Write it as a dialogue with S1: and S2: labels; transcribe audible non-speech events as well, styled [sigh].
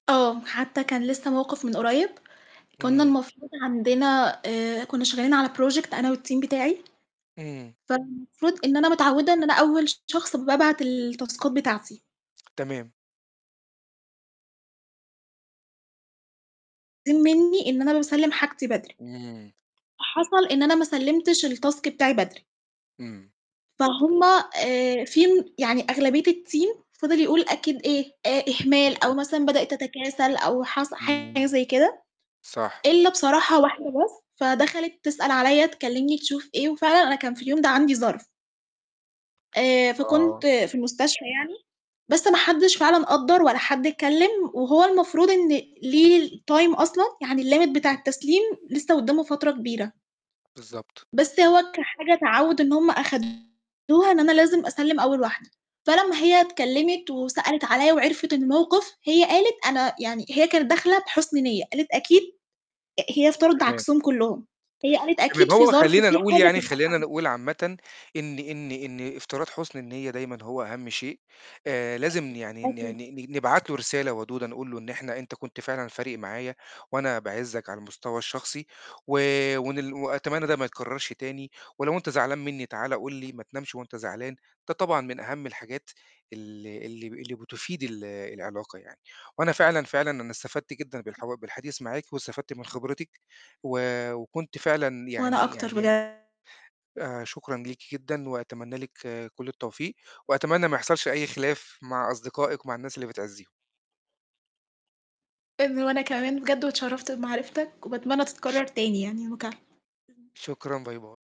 S1: آه، حتّى كان لسّه موقِف من قريّب، كُنّا
S2: إمم.
S1: المفروض عندنا آآ، كُنّا شغّالين على project أنا والteam بتاعي،
S2: إمم.
S1: فالمفروض إن أنا متعوِّدة إن أنا أول شخص بابعت التاسكات بتاعتي.
S2: تمام.
S1: [unintelligible] منّي إن أنا باسلِّم حاجتي بدري،
S2: إمم.
S1: فحصل إن أنا ما سلِّمتش الtask بتاعي بدري.
S2: إمم.
S1: فهُم آآ في يعني أغلبية الteam فِضِل يقول أكيد إيه، آآ، إهمال أو
S2: بالضبط.
S1: مثلًا بدأت تتكاسل أو حصل حاجة
S2: إمم.
S1: زي كده،
S2: صح.
S1: إلَّا بصراحة واحدة بس، فدَخَلِت تسأل عليَّ تكلِّمني تشوف إيه وفعلًا أنا كان في اليوم ده عندي ظَرْف. آآ،
S2: آه.
S1: فكنت في المستشفى يعني، بس ما حدّش فعلًا قدَّر ولا حد اتكلِّم وهو المفروض إن ليه الtime أصلًا، يعني الlimit بتاع التسليم لسّه قُدّامه فترة كبيرة.
S2: بالضبط.
S1: بس هو كحاجة تعوِّد إن هُم آخَدوها إن أنا لازم أسلِّم أول واحدة، فلمّا هي اتكلِّمت وسألت عليَّ وعِرفِت الموقِف، هي قالت أنا يعني هي كانت داخلة بحُسن نِيَّة، قالت أكيد آآ، هي افتَرضِت
S2: تمام.
S1: عكسهم كُلّهم، هي قالت
S2: تمام،
S1: أكيد في
S2: هو
S1: ظَرف،
S2: خلّينا
S1: في
S2: نقول
S1: حاجة
S2: يعني
S1: تمنعها
S2: خلّينا
S1: من [unintelligible]
S2: نقول عامةً إن
S1: امم.
S2: إن إن افتراض حُسن النيّة دايمًا هو أهَم شيء، آآ، لازم
S1: أكيد،
S2: يعني ن ن
S1: أكيد.
S2: ن نبعت له رسالة ودودة نقول له إن إحنا أنت كنت فعلًا فارق معايا وأنا باعِزَّك على المستوى الشخصي و وإن ل وأتمنّى ده ما يتكرَّرش تاني، ولو أنت زعلان منّي تعالَ قُل لي، ما تنامش وأنت زعلان، ده طبعًا من أهَم الحاجات اللي اللي ب اللي بتفيد ال العلاقة يعني، وأنا فعلًا، فعلًا أنا استفدت جدًا بالحوا بالحديث معاكِ واستفدت من خبرتِك و وكنت فعلًا
S1: وأنا
S2: يعني
S1: أكتر
S2: يعني م
S1: بجد.
S2: آآ شكرًا ليكِ جدًا، وأتمنّى لِك كُلّ التوفيق، وأتمنّى ما يحصلش أي خلاف مع أصدقائِك، ومع الناس اللي بتعزّيهم.
S1: [unintelligible] وأنا كمان بجد، واتشرفت بمعرفتك وباتمنى تتكرَّر تاني يعني المكالمة.
S2: شكرًا، باي، باي.